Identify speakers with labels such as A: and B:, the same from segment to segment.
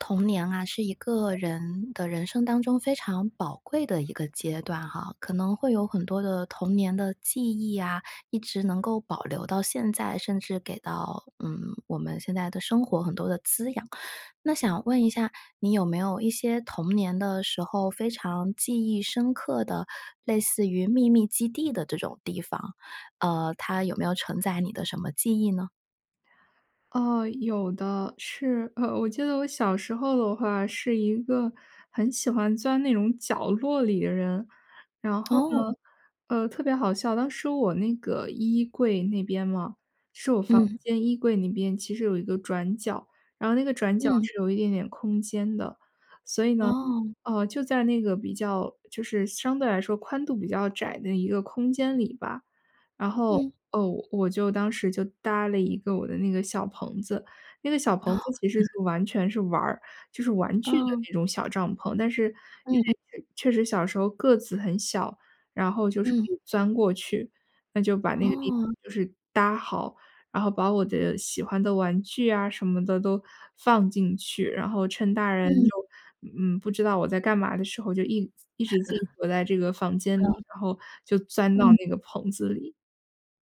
A: 童年啊，是一个人的人生当中非常宝贵的一个阶段哈，可能会有很多的童年的记忆啊，一直能够保留到现在，甚至给到，嗯，我们现在的生活很多的滋养。那想问一下，你有没有一些童年的时候非常记忆深刻的，类似于秘密基地的这种地方？呃，它有没有承载你的什么记忆呢？
B: 哦，有的。是 我记得我小时候的话是一个很喜欢钻那种角落里的人。然后呢，
A: 哦。
B: 呃，特别好笑，当时我那个衣柜那边嘛，是我房
A: 嗯。
B: 间衣柜那边其实有一个转角，然后那个转角
A: 嗯。
B: 是有一点点空间的。所以呢，
A: 哦。
B: 呃，就在那个比较就是相对来说宽度比较窄的一个空间里吧，然后，
A: 嗯。
B: 哦，我我就当时就搭了一个我的那个小棚子。那个小棚
A: 哦。
B: 子其实 就完全是玩儿，就是玩具的
A: 哦。
B: 那种小帐篷，但是因
A: 嗯嗯。
B: 为确确实小时候个子很小，然后就是可
A: 嗯。
B: 以钻过去。那就把那个地方
A: 哦。
B: 就是搭好，然后把我的喜欢的玩具啊什么的都放进去，然后趁大人
A: 嗯。
B: 就，嗯，不知道我在干嘛的时候，就一一直自己躲在这个 房间里，
A: 嗯。
B: 然后就钻到
A: 嗯。
B: 那个棚子里。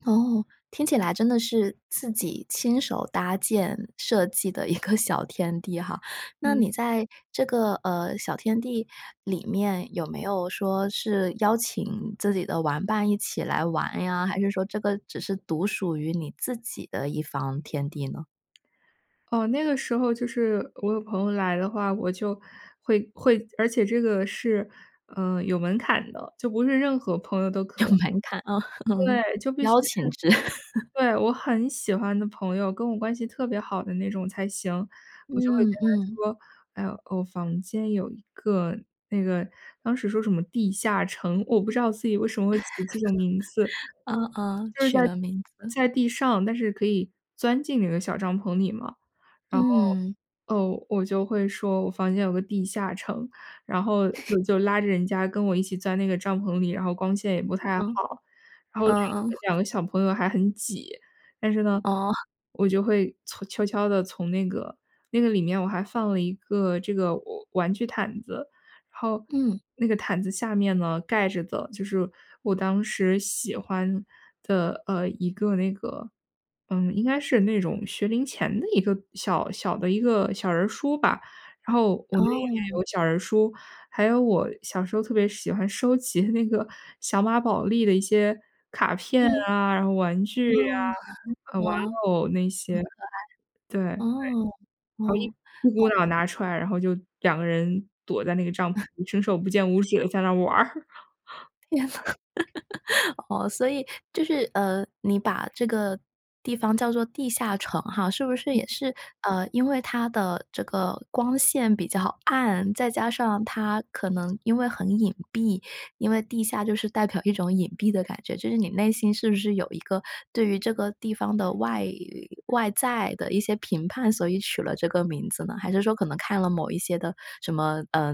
A: 哦，听起来真的是自己亲手搭建、设计的一个小天地哈。那
B: 嗯。
A: 你在这个，呃，小天地里面有没有说是邀请自己的玩伴一起来玩呀？还是说这个只是独属于你自己的一方天地呢？
B: 哦，那个时候就是我有朋友来的话，我就会会而且这个是，呃，有门槛的，就不是任何朋友都可
A: 有门槛啊，嗯，
B: 对，就必须
A: 邀请
B: 是
A: 制。
B: 对，我很喜欢的朋友、跟我关系特别好的那种才行，我就会
A: 嗯
B: 跟
A: 嗯。
B: 她说，诶，我房间有一个那个，当时说什么地下城，我不知道自己为什么会起这种名字。
A: 啊啊，
B: 就是在
A: 取了名字。
B: 在地上，但是可以钻进那个小帐篷里嘛。然后，
A: 嗯。
B: 呃，我就会说我房间有个地下城，然后 就就拉着人家跟我一起钻那个帐篷里，然后光线也不太
A: 嗯，
B: 好，然后2
A: 嗯嗯。
B: 个2个小朋友还很挤。但是呢，
A: 哦。
B: 我就会从悄悄地从那个那个里面我还放了一个这个我玩具毯子，然后
A: 嗯。
B: 那个毯子下面呢，盖着的就是我当时喜欢的，呃，一个那个嗯，应该是那种学龄前的一个小小的一个小人儿书吧。然后我那里面
A: 哦。
B: 有小人儿书，还有我小时候特别喜欢收集那个小马宝莉的一些卡片
A: 嗯。
B: 啊，然后玩具
A: 哦，
B: 呀，
A: 嗯，好
B: 呃，
A: 可
B: 玩
A: 爱，
B: 偶那些，对，好
A: 哦，哦，懂
B: 一一股脑
A: 了。
B: 拿出来，然后就2个人躲在那个帐篷里伸手不见五 指地在那儿玩儿。
A: 哦，所以就是，呃，你把这个地方叫做地下城哈，是不是也
B: 嗯。
A: 是，呃，因为它的这个光线比较暗，再加上它可能因为很隐蔽，因为地下就是代表一种隐蔽的感觉，就是你内心是不是有一个对于这个地方的外外在的一些评判，所以取了这个名字呢？还是说可能看了某一些的什么，呃，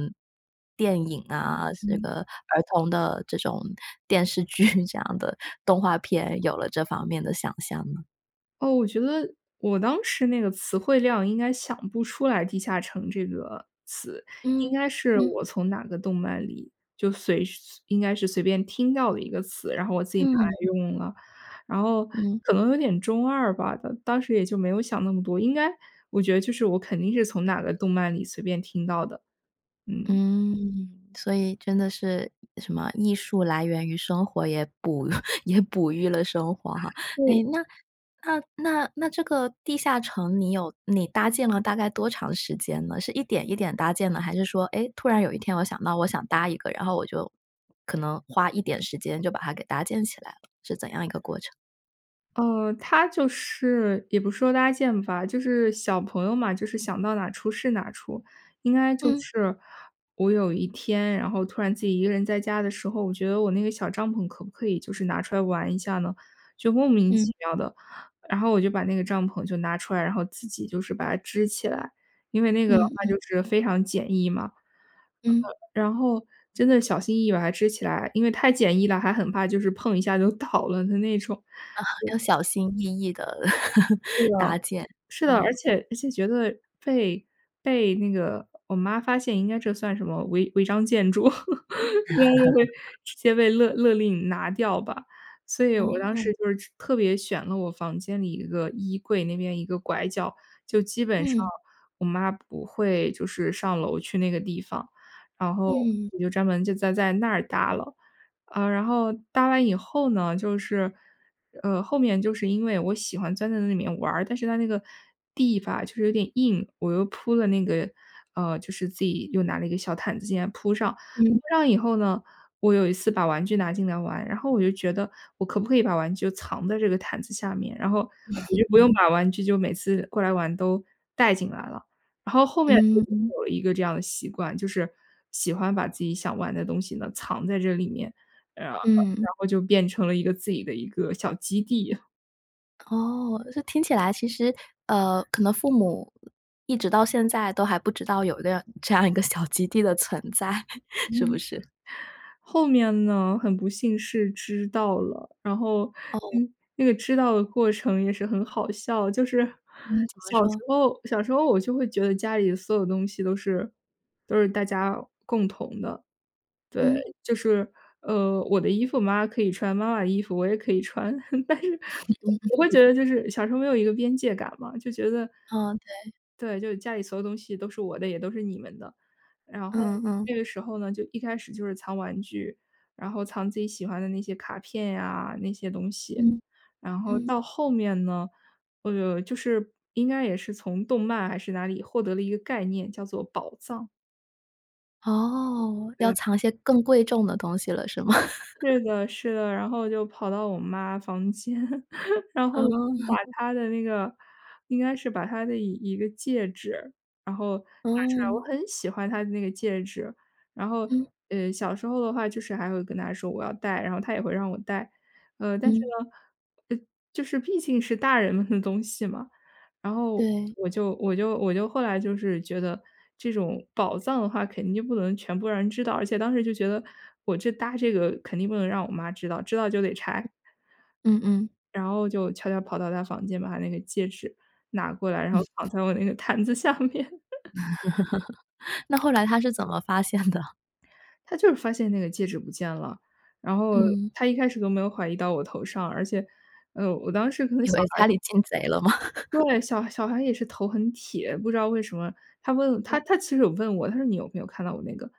A: 电影啊，是
B: 嗯。
A: 个儿童的这种电视剧，这样的动画片，有了这方面的想象呢？
B: 哦，我觉得，我当时那个词汇量应该想不出来地下城这个词。
A: 嗯，
B: 应该是
A: 嗯。
B: 我从哪个动漫里，就随是随应该是随便听到的一个词，然后我自己拿来
A: 嗯。
B: 用了。然后
A: 嗯。
B: 可能有点中二吧，当当时也就没有想那么多，应该我觉得就是我肯定是从哪个动漫里随便听到的。嗯。
A: 嗯，所以真的是什么，艺术来源于生活，也哺 也哺育了生活哈。
B: 对。
A: 诶，那那那那这个地下城你有你搭建了大概多长时间呢？是一点一点搭建的，还是说，诶，突然有一天我想到我想搭一个，然后我就可能花一点时间就把它给搭建起来了？是怎样一个过程？
B: 哦，它就是也不是说搭建吧，就是小朋友嘛，就是想到哪出是哪出。应该就
A: 嗯。
B: 是，我有一天，然后突然自己一个人在家的时候，我觉得我那个小帐篷可不可以就是拿出来玩一下呢？就莫名
A: 嗯。
B: 其妙地，然后我就把那个帐篷就拿出来，然后自己就是把它支起来。因为那个的
A: 嗯
B: 话
A: 嗯。
B: 就是非常简易嘛。呃
A: 嗯。
B: 呃，然后真的小心翼翼把它支起来，因为太简易了，还很怕就是碰一下就倒了的那种，
A: 啊，
B: 对。
A: 要小心翼翼地
B: 是的，
A: 搭建，
B: 是的，而
A: 嗯。
B: 且而且觉得被被那个我妈发现应该这算什么，违违章建筑？应该就会 直接被勒勒令拿掉吧。所以我当
A: 哦。
B: 时就是特别选了我房间里一个衣柜那边一个拐角，就基本上
A: 嗯。
B: 我妈不会就是上楼去那个地方。然后，
A: 嗯。
B: 我就专门就在在那儿搭了。啊，然后搭完以后呢，就是，呃，后面就是因为我喜欢钻在那里面玩儿，但是它那个地吧就是有点硬，我又铺了那个呃，就是自己又拿了一个小毯子进来铺上。我
A: 嗯。
B: 铺上以后呢，我有一次把玩具拿进来玩，然后我就觉得，我可不可以把玩具就藏在这个毯子下面，然后我 就不用
A: 嗯。
B: 把玩具就每次过来玩都带进来了。然后后面就
A: 嗯嗯。
B: 又有了一个这样的习惯，就是喜欢把自己想玩的东西呢，藏在这里面，呃，然
A: 嗯。
B: 后就变成了一个自己的一个小基地。
A: 哦，这听起来其实呃，可能父母一直到现在都还不知道有一个这样一个小基地的存在，是不
B: 嗯，
A: 是？
B: 后面呢，很不幸是知道了，然后
A: 哦。
B: 嗯，那个知道的过程也是很好笑。就是
A: 嗯，怎么
B: 小时
A: 说？
B: 候小时候我就会觉得家里所有东西都是都是大家共同的。对，
A: 嗯。
B: 就是呃，我的衣服妈妈可以穿，妈妈的衣服我也可以穿，但是
A: 嗯嗯
B: 我会觉
A: 嗯。
B: 得就是小时候没有一个边界感嘛。就觉得
A: 嗯，对。
B: 对，就是家里所有东西都是我的，也都是你们的。然后，
A: 嗯嗯。
B: 这个时候呢，就一开始就是藏玩具，然后藏自己喜欢的那些卡片呀、那些东西，
A: 嗯
B: 然后
A: 嗯。
B: 到后面呢呃，就是应该也是从动漫还是哪里获得了一个概念，叫做“宝藏”。
A: 哦，要
B: 对。
A: 藏一些更贵重的东西了，是吗？
B: 是 的是的，然后就跑到我妈房间，然后，把
A: 嗯。
B: 她的那个应该是把她的一一个戒指，然后拿出来，我
A: 嗯。
B: 很喜欢她的那个戒指。然后
A: 嗯。
B: 呃，小时候的话，就是还会跟她说：“我要戴，”然后她也会让我戴。呃，但是
A: 嗯。
B: 呢呃，就是毕竟是大人们的东西嘛，然后
A: 对。
B: 我就我就我就后来就是，觉得这种宝藏的话，肯定不能全部让人知道，而且当时就觉得，我这搭这个肯定不能让我妈知道，知道就得拆。
A: 嗯嗯。
B: 然后就悄悄跑到她房间，把她那个戒指拿过来，然后放
A: 嗯。
B: 在我那个毯子下面。
A: 那后来她是怎么发现的？
B: 她就是发现那个戒指不见了，然后
A: 嗯。
B: 她一开始都没有怀疑到我头上，而且，呃，我当时可能
A: 以
B: 小
A: 为
B: 孩
A: 家里进贼了吗？
B: 对，小小孩也是头很铁，不知道为什么，她问她
A: 嗯。
B: 她其实有问我，她说你有没有看到我那个，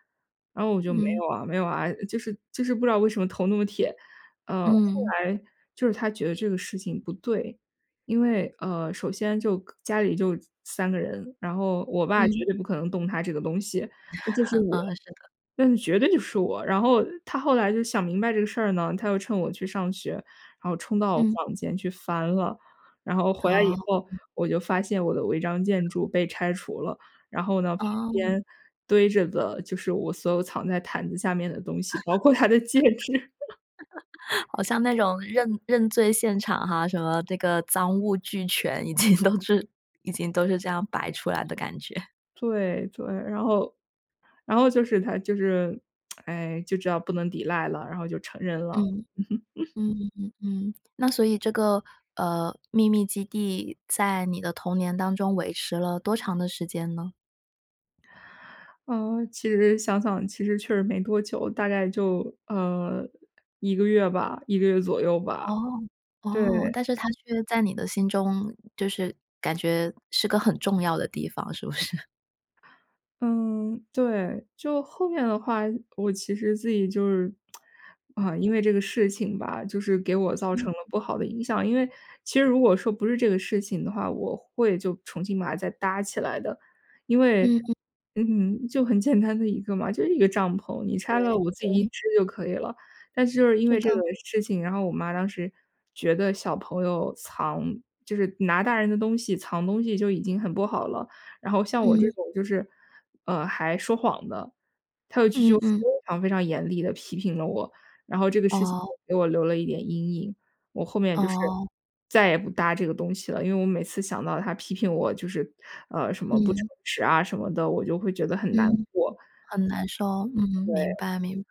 B: 然后我就没
A: 嗯。
B: 有啊没有啊，就是就是不知道为什么头那么铁，呃。
A: 嗯。
B: 后来就是她觉得这个事情不对，因为，呃，首先就家里就3个人，然后我爸绝
A: 嗯。
B: 对不可能动她这个东西，嗯，就是 我，
A: 嗯，是的。
B: 呃，绝对就是我。然后她后来就想明白这个事儿呢，她又趁我去上学，然后冲到我
A: 嗯。
B: 房间去翻了，然后回来以
A: 哦。
B: 后，
A: 嗯。
B: 我就发现我的违章建筑被拆除了，然后呢，旁
A: 哦。
B: 边堆着的就是我所有藏在毯子下面的东西，包括她的戒指。
A: 好像那种认认罪现场哈，什么那个赃物俱全，已经都是已经都是这样摆出来的感觉。
B: 对对，然后然后就是她就是，哎，就知道不能抵赖了，然后就承认了。
A: 嗯，嗯嗯嗯嗯，那所以这个，呃，秘密基地在你的童年当中维持了多长的时间呢？
B: 嗯，其实想想，其实确实没多久，大概就，呃，1个月吧1个月左右吧。
A: 哦，
B: 对。
A: 哦，但是它却在你的心中，就是感觉是个很重要的地方，是不是？
B: 嗯，对。就后面的话，我其实自己就是，啊，因为这个事情吧，就是给我造
A: 嗯。
B: 成了不好的影响。因为其实如果说不是这个事情的话，我会就重新把它再搭起来的。因为，
A: 嗯嗯。
B: 嗯，就很简单的一个嘛，就是一个帐篷，你
A: 对，
B: 拆了我自己一
A: 对。
B: 支就可以了。但是就是因
A: 是
B: 为这个
A: 的。
B: 事情，然后我妈当时觉得小朋友藏就是拿大人的东西、藏东西就已经很不好了，然后像我这
A: 嗯。
B: 种就是，呃，还说谎的，她有一次
A: 嗯
B: 就非
A: 嗯。
B: 常非常严厉地批评了我。然后这个事情
A: 哦。
B: 就给我留了一点阴影，我后面就是
A: 哦。
B: 再也不搭这个东西了。因为我每次想到她批评我就是，呃，什么不诚
A: 嗯。
B: 实啊什么的，我就会觉得很难
A: 嗯，
B: 过。
A: 很难受。嗯，明
B: 对。
A: 白明白。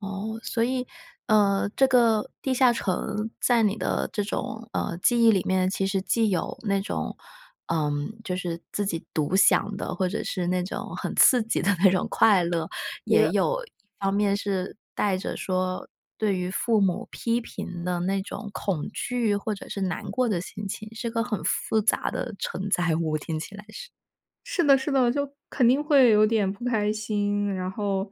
A: 哦，所以，呃，这个地下城在你的这种，呃，记忆里面，其实既有那种，嗯，就是自己独享的，或者是那种很刺激的那种快乐，也
B: 呃。
A: 有一方面是带着说，对于父母批评的那种恐惧或者是难过的心情，是个很复杂的承载物，听起来是。
B: 是的是的，就肯定会有点不开心，然后，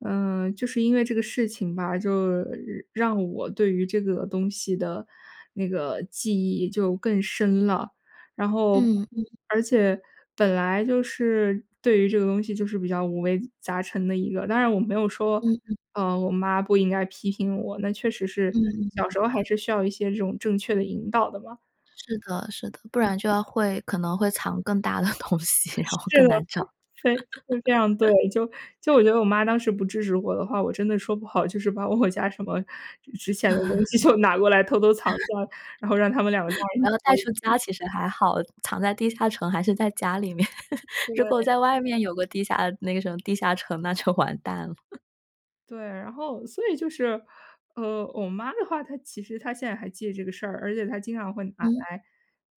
B: 呃，就是因为这个事情吧，就让我对于这个东西的，那个，记忆就更深了。然后
A: 嗯，嗯。
B: 而且本来就是对于这个东西就是比较五味杂陈的一个，当然我没有说，
A: 嗯嗯。
B: 呃，我妈不应该批评我，那确实是
A: 嗯，明
B: 小时候还
A: 白。
B: 是需要一些这种正确的引导的嘛。
A: 是的是的，不然就要会可能会藏更大的东西，然后
B: 是
A: 更
B: 的，
A: 难找。
B: 非非常对，就就我觉得我妈当时不支持我的话，我真的说不好，就是把我家什么值钱的东西就拿过来偷偷藏在，然后让他们两个干
A: 不要带
B: 着
A: 出家
B: 急。
A: 其实还好，藏在地下城还是在家里面，如果
B: 对。
A: 在外面有个地下那个什么地下城，那就完蛋了。
B: 对，然后所以就是，呃，我妈的话，她其实她现在还记得这个事儿，而且她经常会拿
A: 嗯。
B: 来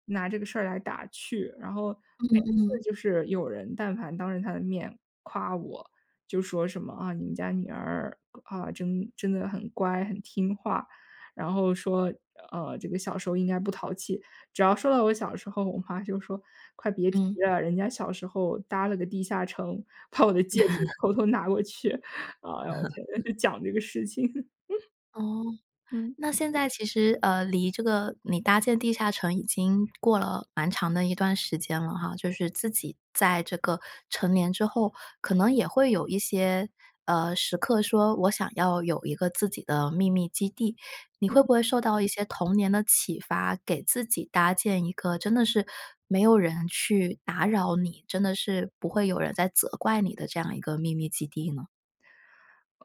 B: 拿这个事儿来打趣。然后每
A: 嗯
B: 次
A: 嗯。
B: 就是有人但凡当着她的面夸我。就说什么，啊，你们家女儿，啊，真真的很乖、很听话，然后说，呃，这个小时候应该不淘气。只要说到我小时候，我妈就说：“快别提
A: 嗯。
B: 了，人家小时候搭了个地下城，把我的戒指偷 偷拿过去。”哎呦我天，就讲这个事情。
A: 哦，
B: 嗯。
A: 那现在其实，呃，离这个你搭建地下城已经过了蛮长的一段时间了哈，就是自己在这个成年之后，可能也会有一些，呃，时刻说我想要有一个自己的秘密基地。你
B: 嗯
A: 会
B: 嗯。
A: 不会受到一些童年的启发，给自己搭建一个真的是没有人去打扰你，真的是不会有人再责怪你的这样一个秘密基地呢？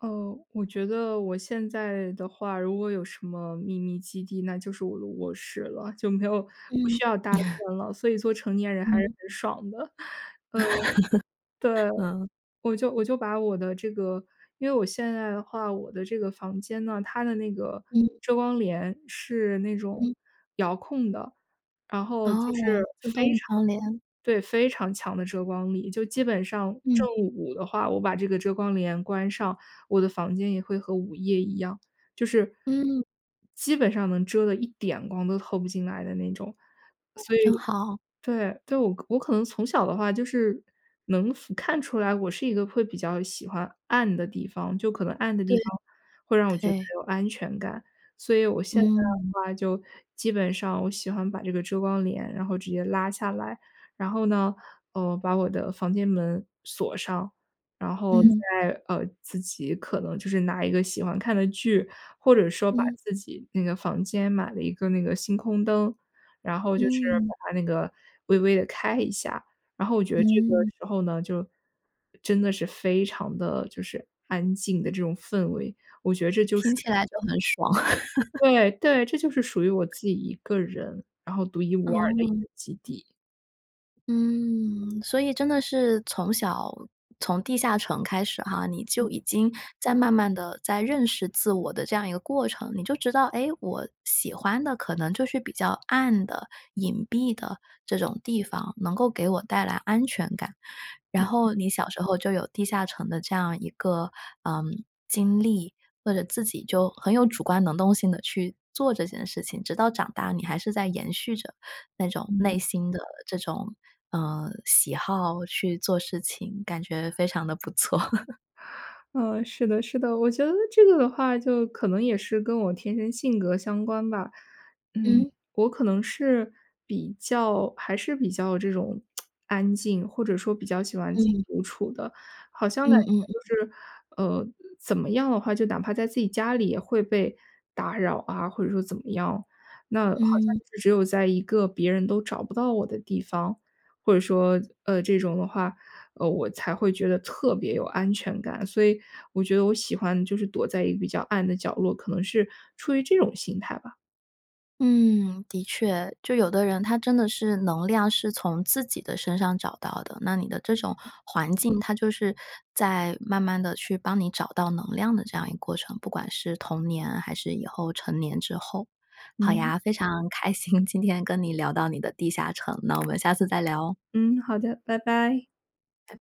B: 哦，我觉得我现在的话如果有什么秘密基地，那就是我的卧室了，就没有不
A: 嗯。
B: 需要搭 建了。所以做成年人还是
A: 嗯。
B: 很爽的，嗯，对。
A: 嗯。
B: 我就我就把我的这个因为我现在的话，我的这个房间呢，它的那个
A: 嗯。
B: 遮光帘是那种
A: 嗯。
B: 遥控的，然后就是
A: 哦，自
B: 非常
A: 动窗帘。
B: 对，非常强的遮光力。就基本上
A: 嗯。
B: 正午的话，我把这个遮光帘关上，我的房间也会和午夜一样，就是
A: 嗯。
B: 基本上能遮得一点光都透不进来的那种。所以，
A: 真好。
B: 对，就我可我可能从小的话就是能服看出来我是一个会比较喜欢暗的地方，就可能暗的地
A: 对。
B: 方会让我觉得
A: 对。
B: 有安全感。所以我现在的
A: 嗯。
B: 话，就基本上我喜欢把这个遮光帘然后直接拉下来，然后呢，呃，把我的房间门锁上，然后
A: 嗯。
B: 再，呃，自己可能就是拿一个喜欢看的剧，或者说把
A: 嗯。
B: 自己那个房间买了一个那个星空灯，然后就是
A: 嗯。
B: 把它那个微微地开一下。然后我觉得这个
A: 嗯。
B: 时候呢，就真的是非常地就是安静的这种氛围，我觉得这就是
A: 听起来就很爽。
B: 对对，这就是属于我自己一个人，然后独一无二的一
A: 哦。
B: 个基地。
A: 嗯，所以真的是从小从地下城开始哈，你
B: 嗯。
A: 就已经在慢慢地在认识自我的这样一个过程，你就知道，哎，我喜欢的可能就是比较暗的、隐蔽的这种地方，能够给我带来安全感。然后你小时候就有地下城的这样一个，嗯，经历，或者自己就很有主观能动性地去做这件事情，直到长大你还是在延续着那种
B: 嗯。
A: 内心的这种，呃，喜好去做事情，感觉非常地不错。
B: 嗯，是的是的，我觉得这个的话就可能也是跟我天生性格相关吧。嗯，
A: 嗯。
B: 我可能是比较还是比较这种，安静，或者说比较喜欢自己
A: 嗯。
B: 独处的，好像感
A: 嗯
B: 觉
A: 嗯。
B: 就是，呃，怎么样的话，就哪怕在自己家里也会被打扰啊，或者说怎么样。那好像
A: 嗯。
B: 就是只有在一个别人都找不到我的地方，或者说，呃，这种的话，呃，我才会觉得特别有安全感。所以我觉得我喜欢就是躲在一个比较暗的角落，可能是出于这种心态吧。
A: 嗯，的确，就有的人他真的是能量是从自己的身上找到的，那你的这种环境，它就是在慢慢地去帮你找到能量的这样一个过程，不管是童年还是以后成年之后。好
B: 嗯。
A: 呀，非常开心，今天跟你聊到你的地下城，那我们下次再聊哦。
B: 嗯，好的，拜拜。
A: 拜